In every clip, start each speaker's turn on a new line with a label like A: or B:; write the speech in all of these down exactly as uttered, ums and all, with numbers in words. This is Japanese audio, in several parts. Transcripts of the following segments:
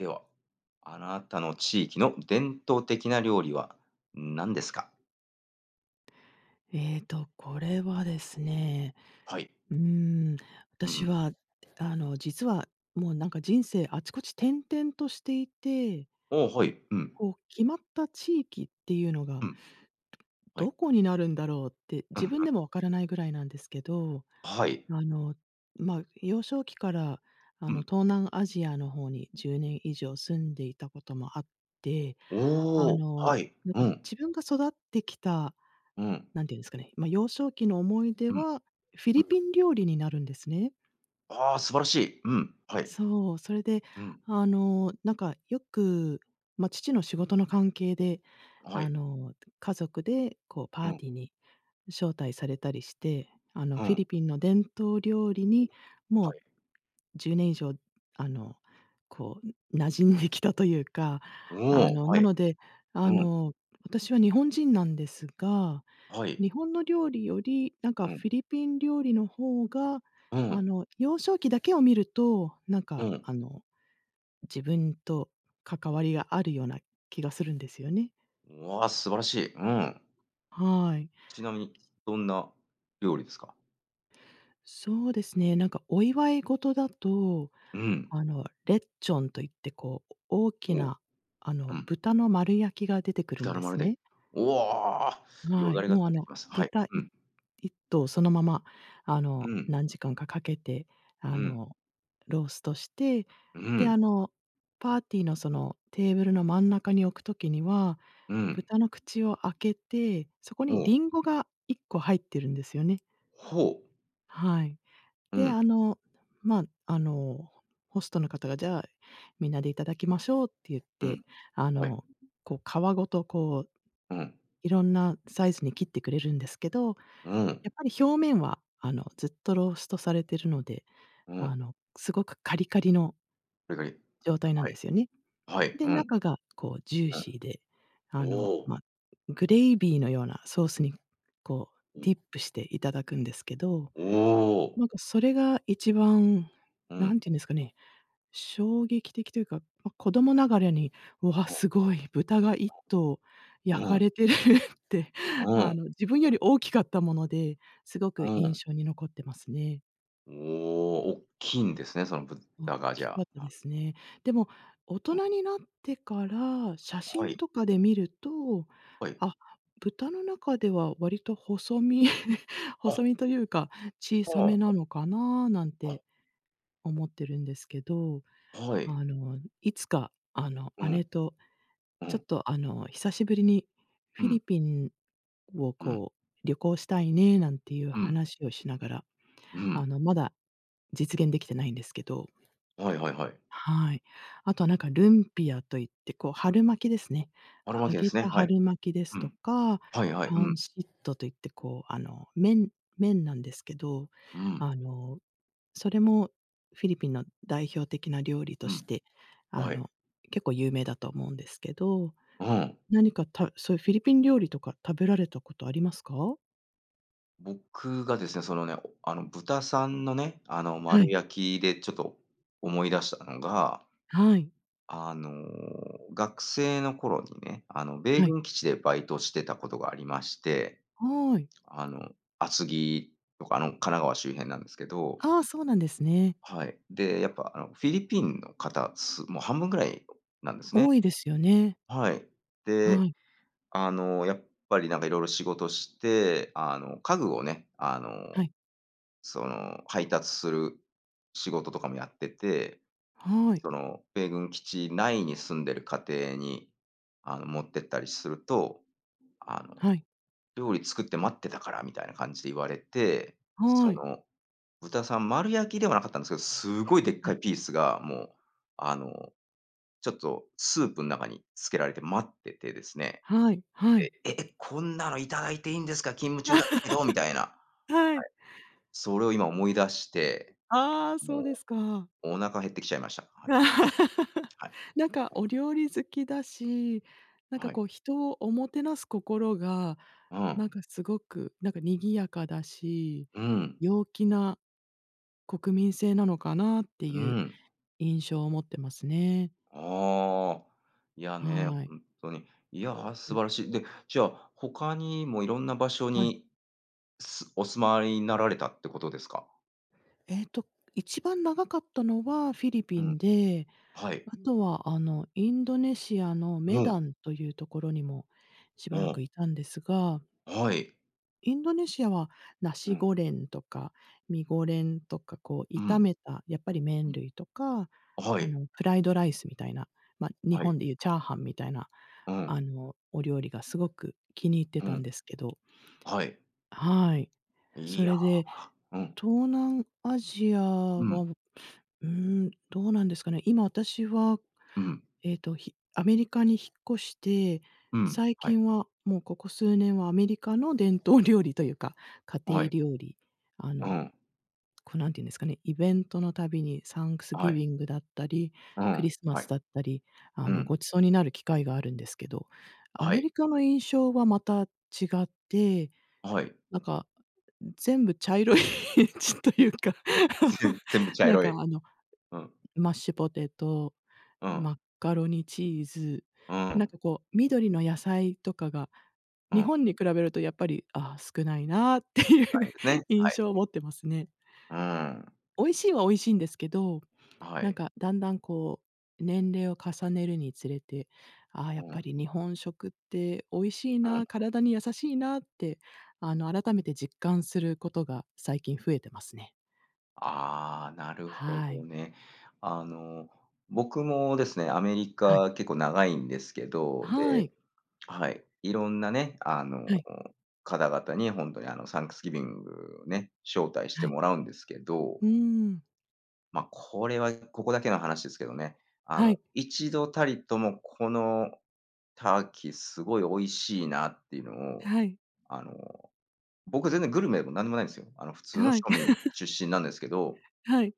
A: では、あなたの地域の伝統的な料理は何ですか？
B: ええと、これはですね、
A: はい。
B: うーん、
A: う
B: 私
A: ん。
B: はあの実はもうなんか人生あちこち転々としていて
A: おお、はい、うん。
B: こう、決まった地域っていうの
A: う
B: が
A: ん。はい。
B: どこになるんだろうって、
A: うん
B: 自
A: うん。
B: 分でも分からないぐらいなんですけど、
A: はい。
B: あの、ま、幼少期から、あ
A: う
B: の、
A: ん。
B: 東南アジアの方にじゅうねん以上住んでいたこともあって、
A: お
B: あ
A: お、
B: の、
A: はい、
B: なん
A: う
B: か、
A: ん。
B: 自分が育ってきた、
A: うん。
B: 何て言うんですかね。ま、幼少期の思い出
A: うん。
B: は、フィ
A: う
B: リ
A: ん。
B: ピン料理になるんですね。
A: ああ、素晴らしい。うん、はい。
B: そう。それで、
A: うん。
B: あの、なんか、よく、ま、父の仕事の関係で、
A: は
B: あ
A: い。
B: の、家族で、こう、
A: う
B: パー
A: ん。
B: ティーに招待されたりして、あの、
A: う
B: フィリ
A: ん。
B: ピンの伝統料理
A: うん、
B: に、も
A: は
B: う
A: い。
B: じゅうねん以上、あの、こう、馴染んできたというか、あ
A: おお、
B: の、
A: は
B: な
A: い。
B: ので、
A: う
B: あ
A: ん。
B: の、私は日本人なんですが、
A: はい。
B: 日本の料理より、なんか
A: う
B: フ
A: ん。
B: ィリピン料理の方が、
A: う
B: あ
A: ん。
B: の幼少期だけを見ると、なん
A: う
B: か、
A: ん。
B: あの、自分と関わりがあるような気がするんですよね。
A: うわ、素晴らしい、うん。
B: はい。
A: ちなみに、どんな料理ですか？
B: そうですね。なんかお祝い事だと、
A: うん。
B: あの、レッチョンと言って、こう、大き
A: おお。
B: な、あ
A: う
B: の
A: ん。
B: 豚の丸焼きが出てくるん
A: 頼
B: で
A: ま
B: す
A: れたい、
B: ね。
A: うおお、よ
B: は
A: だ
B: い。
A: れが
B: もう、
A: 垂
B: あ
A: れてき
B: の、
A: ます。はい。
B: 豚、い
A: うん。
B: いっとうそのまま。あ
A: う
B: の、
A: ん。
B: 何時間か、掛けて、あ
A: うん。
B: の、ローストして、
A: う
B: で、
A: ん。
B: あの、パーティーの、そのテーブルの真ん中に置く時には、
A: うん。
B: 豚の口を開けて、そこ
A: お
B: に、
A: お。
B: リンゴがいっこ入ってるんですよね。
A: ほう。
B: はい。
A: う
B: で、
A: ん。
B: あの、ま、あの、ホストの方が、じゃあ、皆でいただきましょうって言っ
A: うん、
B: て、あ
A: はい。
B: の、こう、皮ごと、こう、
A: うん。
B: 色んなサイズに切ってくれるんですけど、
A: う
B: や
A: ん。
B: っぱり表面は、あの、ずっとローストされてるので、
A: う
B: あ
A: ん。
B: の、凄くカリカリの
A: カリカリ。
B: 状態なん
A: は
B: で
A: い、
B: すよね。
A: はい、
B: で、
A: うん。
B: 中が、こう、ジュー
A: う
B: シーで、あ
A: ん。
B: の、
A: おお。
B: ま、グレイビーのようなソースに、こう、
A: お。
B: ディップしていただくんですけど、
A: おお。
B: なんか、それが一番、
A: うん。
B: 何て言うんですかね、衝撃的というか、ま、子供ながらに、うわ、
A: おお。
B: 凄い、豚が一頭
A: [unintelligible]
B: 焼
A: う
B: か
A: ん。
B: れてるって、
A: うん。
B: あの自分より大きかったもので、凄
A: う
B: く印
A: ん。
B: 象に残ってますね。
A: おお、おっきんですね、その
B: おっ
A: 豚がじ
B: きか
A: ゃ
B: った
A: あ、
B: で
A: あ。
B: すね。でも、大
A: お
B: 人
A: ん。
B: になってから写
A: は
B: 真
A: い。
B: とかで見ると、
A: はい。
B: あ、豚の中では割と細身
A: あ。
B: 細身というか、小さめ
A: はあ。は
B: な
A: い。
B: のかななん
A: あ。
B: て、思ってるんですけど、
A: はい。
B: あの、いつか、あの、
A: うん。
B: 姉と
A: う
B: ちょっ
A: ん。
B: とあの久しぶりに
A: う
B: フィ
A: ん。
B: リピンを、
A: うん。
B: こう、旅行したいねなんていう
A: うん。
B: 話をしながら、
A: う
B: あ
A: ん。
B: の、まだ実現できてないんですけど、
A: はいはいはい。
B: はい。あとはなんか、ルンピアと言って、こう、春巻きですね。
A: 春巻
B: 揚
A: きで
B: げ
A: すね、
B: た
A: はい。
B: 春巻きです
A: う
B: と
A: ん。
B: か、
A: はいはい、う
B: パン
A: ん。
B: シットと言って、こう、あの、麺麺なんですけど、
A: うん。
B: あの、それもフィリピンの代表的な料理と
A: う
B: し
A: ん、
B: て、
A: あ、
B: あ
A: はい。
B: の、結構有名だと思うんですけど、
A: うん。
B: 何かたそういうフィリピン料理とか食べられたことありますか？
A: 僕がですね、おそのね、あの、豚さんのね、あの
B: は
A: 丸
B: い。
A: 焼きでちょっと思い出したのが
B: はい。
A: あの、学生の頃にね、あの、米
B: はい。
A: 軍基地でバイトしてたことがありまして、
B: はい。
A: あの、厚木とか、あの神奈川周辺なんですけど
B: ああ、そうなんですね。
A: はい、で、やっぱ、あの、フィリピンの方すもう半分ぐらいなんですね。
B: 多いですよね。
A: はい。で、
B: はい。
A: あの、やっぱりなんか色々仕事して、あの、家具をね、あ
B: は
A: の、
B: い。
A: その、配達する仕事とかもやってて、
B: はい。
A: その、米軍基地内に住んでる家庭に、あの、持ってったりすると、あの、
B: はい。
A: 料理作って待ってたからみたいな感じで言われて、そ
B: はい。
A: の、豚さん丸焼きではなかったんですけど、すごいでっ
B: は
A: かい
B: い。
A: ピースがもう、あの、ちょっとスープの中に漬けられて待っててですね。
B: はい、はい。
A: で、え、こんなの頂いていんですか、勤務中だったけど、みたいな。
B: は
A: は
B: い。
A: い。それを今思い出して、
B: ああ、
A: も
B: そ
A: う、
B: うですか。
A: お腹減ってきちゃいました、はい。はい。。
B: なんか
A: [unintelligible]
B: お料理好きだし、なん
A: あ、
B: か
A: はい。
B: こう人をおもてなす心が
A: う
B: な
A: ん。
B: んかすごくなんか賑やかだし、
A: うん。
B: 陽気な国民性なのかなって
A: う
B: いう
A: ん。
B: 印象を持ってますね。
A: ああ、いやね、
B: はい。
A: ほんっとに、いや、
B: う
A: 素
B: ん。
A: 晴らしい、で、じゃあ、他にもいろんな場所
B: はい。
A: に、すお住まいになられたってことですか？
B: ええと、一番長かったのはフィリ
A: う
B: ピ
A: ん。
B: ンで、
A: はい。
B: あとはあの、インドネシアの
A: う
B: メ
A: ん。
B: ダンというところにもし
A: う
B: ばら
A: ん。
B: くいたんですが
A: はい。
B: インドネシアはナ
A: う
B: シ
A: ん。
B: ゴレンとか、ミゴレンとか、こう
A: う
B: 炒
A: ん。
B: めたやっぱり
A: う
B: 麺
A: ん。
B: 類とか、
A: は
B: あ
A: い。
B: の、フライドライスみたいな、ま、日
A: はい。
B: 本で言うチャーハンみたいな、
A: う
B: あ
A: ん。
B: の、お料理がすごく気に入って
A: う
B: たん
A: ん。
B: ですけど
A: はい。
B: はい。
A: い
B: そ
A: や、
B: れで、
A: うん。
B: 東南アジア
A: う
B: は、
A: ん。
B: うーん、どうなんですかね。今私は、
A: うん。
B: えと、ひアメリカに引っ越して、
A: うん、
B: 最
A: はい。
B: 近はもうここ数年はアメリカの伝統料理というか、家
A: は
B: 庭
A: い。
B: 料理、あ
A: う
B: の、
A: ん。
B: こう、何て言うんですかね。イベントの度にサンクス
A: は
B: ギ
A: い。
B: ビングだったり、
A: う
B: クリ
A: ん、
B: スマ
A: は
B: ス
A: い。
B: だったり、あ
A: う
B: の、
A: ん。
B: ごちそうになる機会があるんですけど。ア
A: は
B: メ
A: い。
B: リカの印象はまた違って、
A: はい。
B: なんか全部茶色いちというか、
A: ぜん全部 茶
B: なん
A: 色
B: か
A: い。
B: あの、
A: うん。
B: マッシュポテト、
A: うん。
B: マッカロニチーズ、
A: う
B: なん
A: ん。
B: かこう緑の野菜とかが
A: う
B: 日
A: ん。
B: 本に比べるとやっぱりああ、少ないなっていう
A: ないですね、
B: 印
A: はい。
B: 象持ってますね。
A: うん。
B: 美味しいは美味しいんですけど、
A: は
B: なん
A: い。
B: かだんだんこう年齢を重ねるにつれて、ああ、やっ
A: う
B: ぱ
A: ん。
B: り日本食って美味しい
A: うん。
B: な、体に優しいなって、あの、改めて実感することが最近増えてますね。
A: ああ、なるほ
B: はい。
A: どね。あの、僕もですね、アメリ
B: はい。
A: カ結構長いんですけど、
B: は
A: で
B: い。
A: はい。色んなね、あの、
B: はい。
A: 方々に本当にあの、サンクスギビングをね、招待し
B: は
A: て
B: い。
A: もらうんですけど。
B: うん。
A: ま、これはここだけの話ですけどね、あの、
B: はい。
A: いちどたりとも、この、ターキーすごい美味しいなっていうのを、
B: はい。
A: あの、僕全然グルメでも何でもないんですよ。あの普通の
B: はい。
A: 庶民 出身なんですけど
B: はい。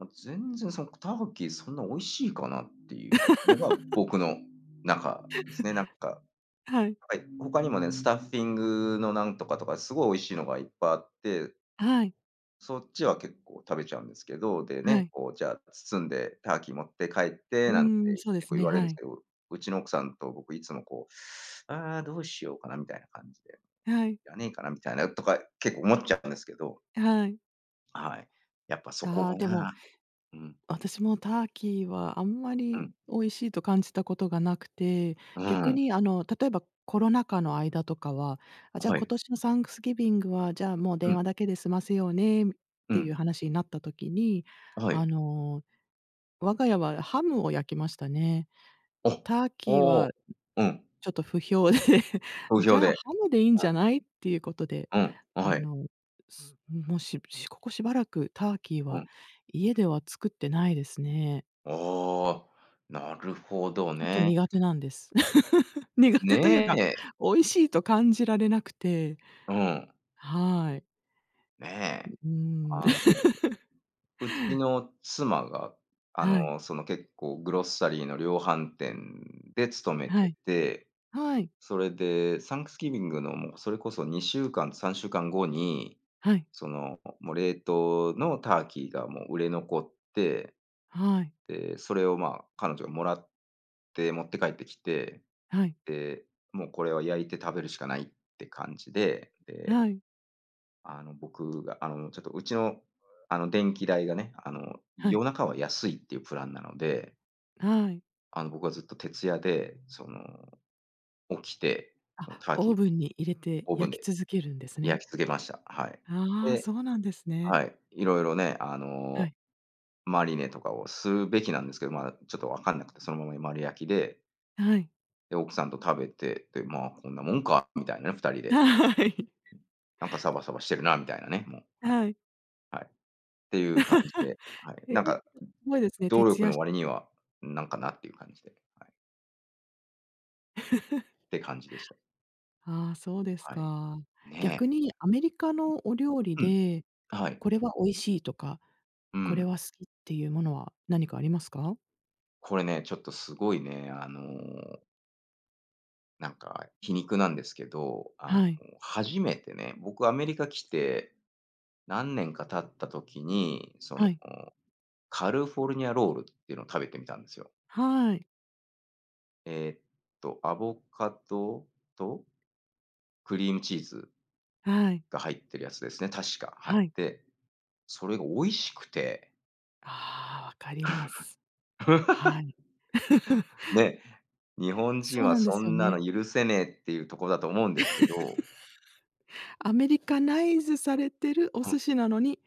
A: あ、全然そなんか、ターキーそんな美味しいかなっていうのが、僕の中ですね。なんか。
B: はい。
A: はい。他にもね、スタッフィングの何とかとか、すごい美味しいのがいっぱいあって
B: あ、はい。
A: そっちは結構食べちゃうんですけど。でね、
B: はい。
A: こうじゃあ包んで、ターキー持って帰って
B: う
A: なんて
B: ん。そうで
A: 結
B: す
A: 構言
B: ね、
A: われん
B: は
A: す
B: い。
A: けど、うちの奥さんと僕いつもこう、「ああ、どうしようかな」みたいな感じで、
B: はい。
A: 「要らねえかな」みたいな、とか結構思っちゃうんですけど。
B: あ、はい。
A: はい、やっぱそこが
B: あ、でも、
A: な。うん。
B: 私もターキーはあんま
A: う
B: り
A: ん。
B: 美味しいと感じたことがなくて、
A: う
B: 逆
A: ん。
B: にあの、例えばコロナ禍の間とかは、あ、
A: あ、
B: じゃあ
A: は
B: 今
A: い。
B: 年のサンクスギビングは、じゃあもう
A: う
B: 電
A: ん。
B: 話だけで済ませようねっ
A: う
B: てい
A: ん。
B: う話になった時に、
A: あ、は
B: あ
A: い。
B: の、我が家はハムを焼きましたね。
A: お、
B: ターキー
A: お
B: は、
A: お、うん。
B: ちょっと不評で、
A: 好
B: 「じ
A: 評
B: ゃあ
A: で。
B: ハムでいいん
A: う
B: じ
A: ん。
B: ゃない？」っていうことで、
A: うん。あ、は
B: あ
A: い。
B: のすもうししここしばらくターキー
A: う
B: は、
A: ん。
B: 家では作ってないですね。
A: ああ。なるほど
B: ちょっと
A: ね。
B: 苦手なんです。苦
A: ね
B: 手というか、
A: え。
B: 美味しいと感じられなくて。
A: うん。
B: はい。
A: ね。
B: ん、うん。
A: あの、うちの妻が、あ
B: はい。
A: の、その、結構グロッサリーの量販店で勤め
B: は
A: て
B: い。
A: て。
B: はい。
A: それで、サンクスギビングのもうそれこそにしゅうかん、さんしゅうかんごに、
B: はい。
A: その、もう冷凍のターキーがもう売れ残って。
B: はい。
A: で、それを、ま、彼女がもらって持って帰ってきて。
B: はい。
A: で、もうこれは焼いて食べるしかないって感じで、で
B: はい。
A: あの、僕があの、ちょっとうちの、あの、電気代がね、あの、
B: はい。
A: 夜中は安いっていうプランなので
B: はい。
A: あの、僕はずっと徹夜で、その、起きて、その、
B: あ、
A: ターキ
B: オー
A: ー、
B: ブンに入れて
A: オーブン
B: 焼き
A: で
B: 続けるんですね。
A: 焼き付けました。はい。
B: ああ、そ
A: で、
B: うなんですね。
A: はい、色々ね、あ
B: は
A: の、
B: い。
A: マリネとかをするべきなんですけど、まだちょっと分かんなくてそのまま 丸焼きで。
B: はい。
A: で、奥さんと食べて、で「ま、こんなもんか」みたいな、二人で。
B: はい。
A: なんかサバサバしてるなみたいなね、もう。はい。
B: はい。
A: はい、っていう感じで、はい。
B: へい
A: なんか、
B: すごいですね、
A: 労
B: 徹
A: 力
B: 夜
A: の
B: して。
A: 割には何かなっていう感じで。はい。て感じでした。
B: ああ、そうです
A: はい。
B: か。
A: ね。
B: 逆にアメリカのお料理
A: うん。
B: で、
A: はい。
B: これは美味しいとか、
A: うー
B: こ
A: ん。
B: れは好きっていうものは何かありますか？
A: これね、ちょっとすごいね、あのなんか、皮肉なんですけど、あ
B: はい。
A: の、初めてね、僕アメリカ来て、何年か経った時に、その、
B: はい。
A: カルフォルニアロールっていうのを食べてみたんですよ
B: はい。
A: ええと、アボカドと、クリームチーズ
B: はい。
A: が入ってるやつですね、確か。はい。
B: はい。
A: で、それが美味しくて
B: ああ、分かります。はい。
A: ね、日本人
B: そう
A: は
B: なんで
A: そ
B: すよ
A: んな
B: ね。
A: の許せねえっていうとこだと思うんですけど
B: アメリカナイズされてるお
A: うん。
B: 寿司なのに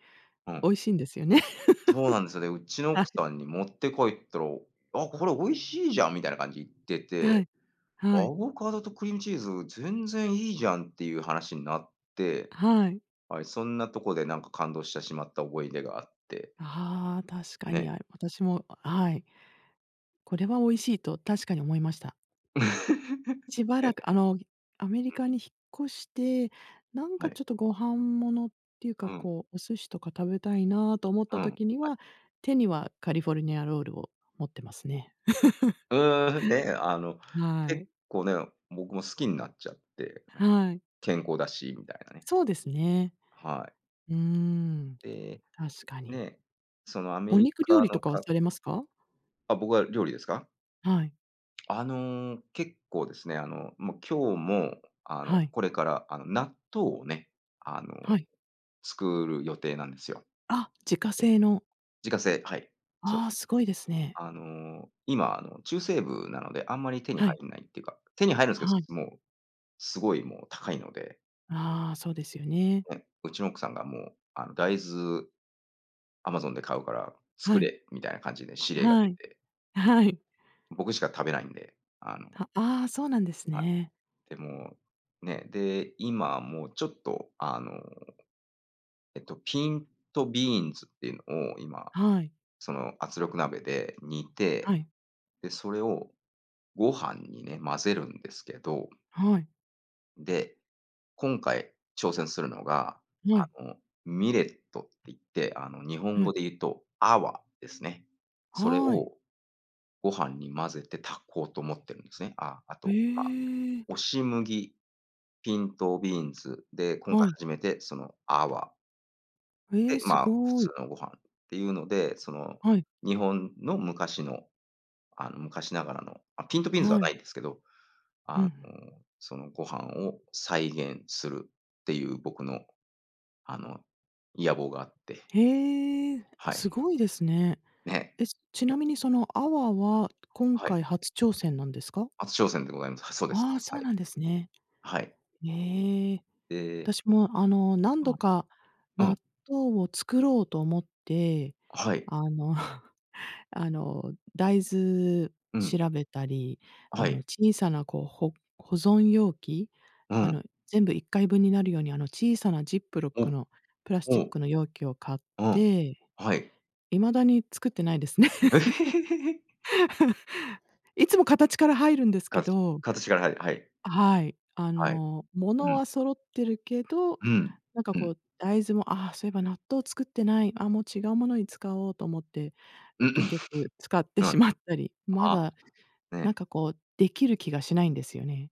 A: う
B: 美
A: ん。
B: 味しいんですよね。
A: そうなんですよね、う ちの
B: は
A: 奥
B: い。
A: さんに持って帰ったら、あ、これ美味しいじゃんみたいな感じで言って
B: は
A: て、
B: い、は
A: ア
B: い。
A: ボカドとクリームチーズ全然いいじゃんっていう話になって、
B: はい。
A: はい、そんなとこでなんか感動してしまった思い出があって。
B: ああ、確か
A: ね
B: に
A: え。
B: 合う。私も、はい。これは美味しいと確かに思いました。し ばら
A: ね。
B: くあのアメリ
A: うん。
B: カに引っ越して、なん
A: は
B: か
A: い。
B: ちょっとご飯物っていうか、
A: うん。
B: こう、お寿司とか食べたいなと思っ
A: う
B: た
A: ん、
B: 時に
A: はい。
B: は、手にはカリフォルニアロールを持ってますね。
A: うん、ね、あの、
B: は
A: 結
B: い。
A: 構ね、僕も好きになっちゃって、うん、
B: はい。
A: 健康だしみたいなね。
B: そうですね。
A: はい。
B: うん、
A: で、
B: 確かに。
A: ね、そのアメ
B: お
A: リ
B: 肉料
A: カ
B: 理と
A: の
B: かは
A: か
B: されますか？
A: あ、僕は料理ですか？
B: はい。
A: あの、結構ですね、あの、もう今日も、あの、
B: はい。
A: これから、あの、納豆をね、あの、
B: はい。
A: 作る予定なんですよ。
B: あ、自家
A: で
B: 製の。
A: 自家製、はい、そう
B: あ
A: で
B: あ、
A: す。
B: すごいですね。
A: あの、今、あの、中西部なのであんまり手に
B: は
A: 入
B: い。
A: らないっていうか、手に入るんです
B: はい。
A: けど、もうすごいもう高いので。
B: ああ、そうですよね。
A: うん。うちの奥さんがもう、あの「大豆アマゾンで買うから、
B: は
A: 作
B: い。
A: れ」みたいな感じで指令が
B: は
A: 出
B: い。
A: て。は
B: はい。
A: い。僕しか食べないんで、あの
B: はああ。そうなんです
A: はい。
B: ね。
A: でも、ね、で、今もう、ちょっとあの、えっと、ピントビーンズっていうのを今、
B: はい。
A: その圧力鍋で煮
B: は
A: て、
B: い。
A: で、それをご飯にね、混ぜるんですけど。
B: はい。
A: で、今回挑戦するのが、
B: は
A: あ
B: い。
A: のミレットって言って、あの日本
B: は
A: 語
B: い。
A: で言うとアワですね。それ
B: はい。
A: をご飯に混ぜて炊こうと思ってるんですね。あ、あ
B: へ
A: と、ま、
B: え。
A: 押し麦。ピントビーンズで、今
B: は
A: 回
B: い。
A: 初めてその、アワ。
B: へ
A: で、
B: え、す
A: まあ、普
B: ご
A: 通
B: い。
A: のご飯っていうので、その
B: はい。
A: 日本の昔の、あの、昔ながらの、ピントビーンズは
B: は
A: な
B: い。
A: いんですけど、
B: ふ
A: あの、
B: んふん。
A: そのご飯を再現するっていう僕の、あの、野望があって。
B: へえ、あ、
A: は
B: す
A: い。
B: ごいですね。
A: ね。
B: え、ちな
A: [unintelligible]
B: みにその粟
A: うん。
B: は今
A: はい。
B: 回初挑戦なんですか？
A: 初挑戦でございます。そうです。
B: ああ、そ
A: は
B: う
A: い。
B: なんですね。
A: はい。
B: ええ。
A: で
B: 私も、あの、何度
A: は
B: か
A: い。うん。
B: 納豆を作ろうと思って、
A: はい。
B: あの あの、大豆
A: うん。
B: 調べたり、
A: は
B: あの、
A: い。
B: 小さなこうほ保存容器、
A: う
B: あ
A: ん。
B: の、全部いっかい分になるように、あの小さなジップロッ
A: ほ
B: ク
A: う。
B: のプラス
A: ほ
B: チッ
A: う。
B: クの容器を買っ
A: うん。
B: て、
A: はい。
B: 未だに作ってないですね。いつも形から入るんですけ
A: か
B: ど
A: 形から入る、はい。
B: はい。あ
A: はい。
B: の、も
A: う
B: の
A: ん。
B: は揃ってるけど、
A: うん、
B: なんか
A: う
B: こ
A: ん。
B: う大豆も、ああそういえば納豆作ってない、あ、もう違うものに使おうと思って、
A: ううん、
B: 結局使って
A: う
B: し
A: ん、
B: まったり、ま
A: あ、
B: だ、なん
A: ね。
B: かこうできる気がしないんですよね。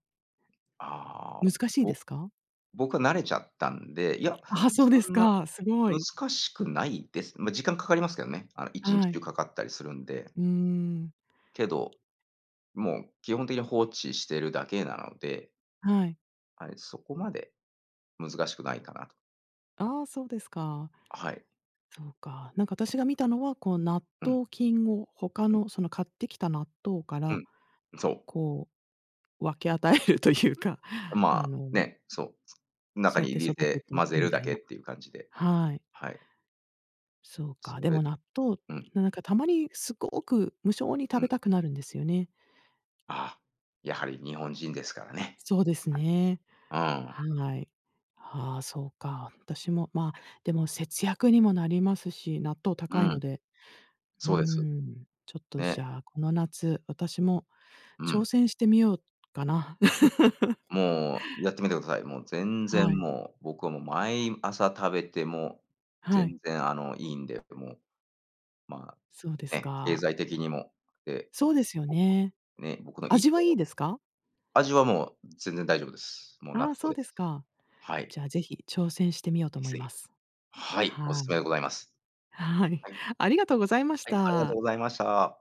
A: ああ、
B: 難しい
A: ぼ
B: ですか？
A: 僕は慣れちゃったんで、いや、
B: あ、そう
A: そ
B: です
A: んな
B: か、すごい。
A: 難しくないです。まあ、時間かかりますけどね。あの、いちんち
B: は
A: 中
B: い。
A: かかったりするんで。
B: うーん。
A: けど、もう基本的に放置してるだけなので。
B: はい。
A: はい、そこまで難しくないかなと。
B: ああ、そうですか。
A: はい。
B: そうか。なんか私が見たのは、こう納
A: うん。
B: 豆菌を他
A: うん。
B: のその買ってきた納豆か
A: う
B: ら、
A: ん、そう。
B: こう分け与えるというか、あ
A: まあ、
B: の
A: ね、そう、中
B: そうやっ
A: に
B: て
A: 入
B: 育
A: れ
B: て
A: て
B: てい
A: 混
B: く
A: ぜ
B: み
A: るだ
B: たい
A: けっ
B: な。
A: ていう感じで。
B: はい。
A: はい。
B: そうか。
A: そ
B: で
A: れ、
B: も納豆、
A: うん。
B: なんかたまにすごく無性に食
A: う
B: べ
A: ん。
B: たくなるんですよね。
A: あ、やはり日本人ですからね。
B: そうです
A: はい。
B: ね。
A: うん。
B: はい。ああそうか。私もま、でも節約にもなりますし、納豆
A: う
B: 高いの
A: ん。
B: で、うー
A: そうです。
B: ん、ちょっとじ
A: ね。
B: ゃあこの夏、私も
A: う
B: 挑
A: ん。
B: 戦してみようかな。
A: もう、やってみてください。もう全然
B: はい。
A: もう、僕はもう毎朝食べても、
B: はい。
A: 全然あの、いいんで、もう、ま、
B: そうです
A: ね、経
B: か。
A: 済的にも、って。
B: そうですよね。
A: ね、僕の
B: 味はいい ですか？
A: 味はもう全然大丈夫です。もう納
B: ああそう
A: 豆で
B: です
A: す。
B: か。
A: はい。
B: じゃあぜひ挑戦してみようと思
A: 是
B: い
A: 非。
B: ます。
A: はい、お
B: は
A: 勧
B: い。
A: めでございます。
B: はい、
A: はい。
B: ありがとうございまし
A: はい、ありがと
B: た。
A: うございました。